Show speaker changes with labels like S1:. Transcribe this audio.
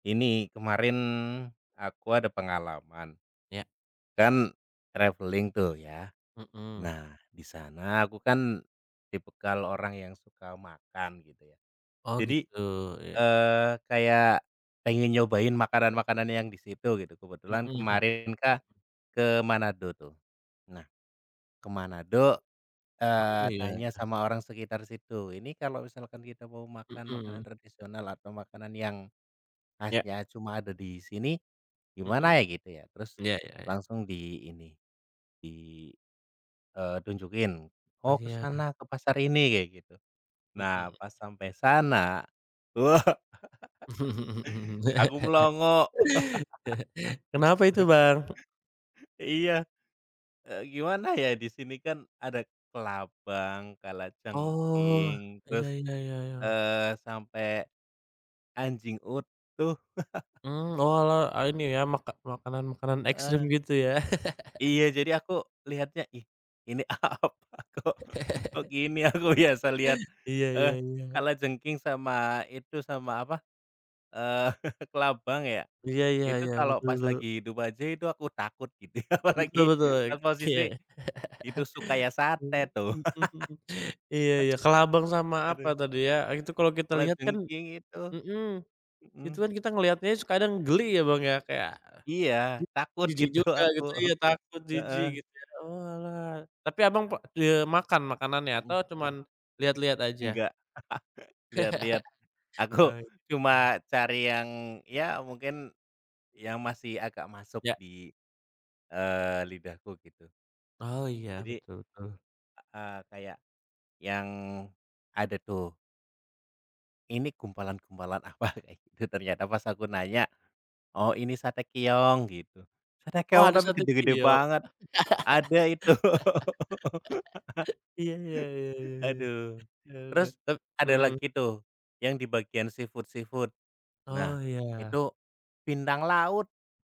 S1: Ini kemarin, aku ada pengalaman,
S2: Ya.
S1: kan traveling tuh, ya.
S2: Mhm.
S1: Nah, di sana aku kan tipikal orang yang suka makan, gitu ya.
S2: Oh,
S1: Jadi,
S2: gitu, iya.
S1: eee, kayak pengen nyobain makanan-makanan yang di situ, gitu.
S2: Mhm
S1: Kebetulan
S2: mmm.
S1: kemarin kan ke Manado tuh. Nah, ke Manado,
S2: Oh,
S1: eee, tanya
S2: iya.
S1: sama orang sekitar situ, "Ini kalau misalkan kita mau makan makanan
S2: Mhm.
S1: tradisional atau makanan yang
S2: Ya.
S1: khasnya cuma ada di sini
S2: Mhm.
S1: gimana ya?", gitu ya, terus
S2: Iya iya iya.
S1: langsung di ini, di, eee, tunjukin,
S2: Oh,
S1: "Oh, ke
S2: iya.
S1: sana, ke pasar ini", kayak gitu. Nah,
S2: Mhm.
S1: pas sampai sana, wah, aku melongo.
S2: Kenapa itu, Bang?
S1: Iya. Eee, gimana ya, di sini kan ada kelabang,
S2: Oh,
S1: kalajengking,
S2: iya
S1: terus,
S2: iya iya iya.
S1: eee, sampai anjing utuh.
S2: Hmm, oalah, a ini ya maka makanan makanan ekstrem,
S1: Heeh.
S2: gitu, ya?
S1: Iya, jadi aku lihatnya, ih, ini, apa, kok kok gini aku biasa lihat,
S2: Iya iya
S1: eee,
S2: iya.
S1: kalajengking sama itu, sama, apa, eee, kelabang ya,
S2: Iya iya
S1: itu
S2: iya
S1: kalau pas
S2: betul.
S1: lagi hidup aja itu aku takut gitu,
S2: Betul
S1: apalagi
S2: betul.
S1: pas
S2: Oke.
S1: posisi itu suka ya, sate tuh.
S2: Mhm mhm. Iya iya, kelabang sama apa
S1: Aduh.
S2: tadi, ya, itu kalau kita lihat kan,
S1: Kalajengking itu.
S2: mhm, itu
S1: Mhm.
S2: kan kita ngelihatnya aja s kadang geli ya, Bang, ya, kayak
S1: Iya, takut
S2: jijik
S1: gitu,
S2: juga
S1: aku.
S2: gitu, iya, takut,
S1: Heeh.
S2: jijik, gitu, ya. Oalah. Tapi Abang p d eee makan makanannya
S1: Hmm.
S2: atau cuman lihat-lihat aja?
S1: Enggak. Lihat-lihat, aku
S2: Oh, gitu.
S1: cuma cari yang, ya mungkin yang masih agak masuk
S2: Ya.
S1: di, eee, lidahku, gitu.
S2: Oh, iya,
S1: Jadi
S2: betul betul.
S1: heeh, kayak yang ada tuh. Ini gumpalan-gumpalan, apa, kayak gitu, ternyata pas aku nanya, "Oh, ini sate keong", gitu, sate
S2: Oh,
S1: keong
S2: ada
S1: tapi
S2: 1
S1: gede-gede
S2: video.
S1: banget. Ada itu.
S2: Iya iya iya iya iya.
S1: Haduh.
S2: Yaudah,
S1: Terus
S2: tap
S1: ada
S2: mhm.
S1: lagi tuh yang di bagian seafood-seafood. Nah,
S2: Oh, iya.
S1: itu pindang laut.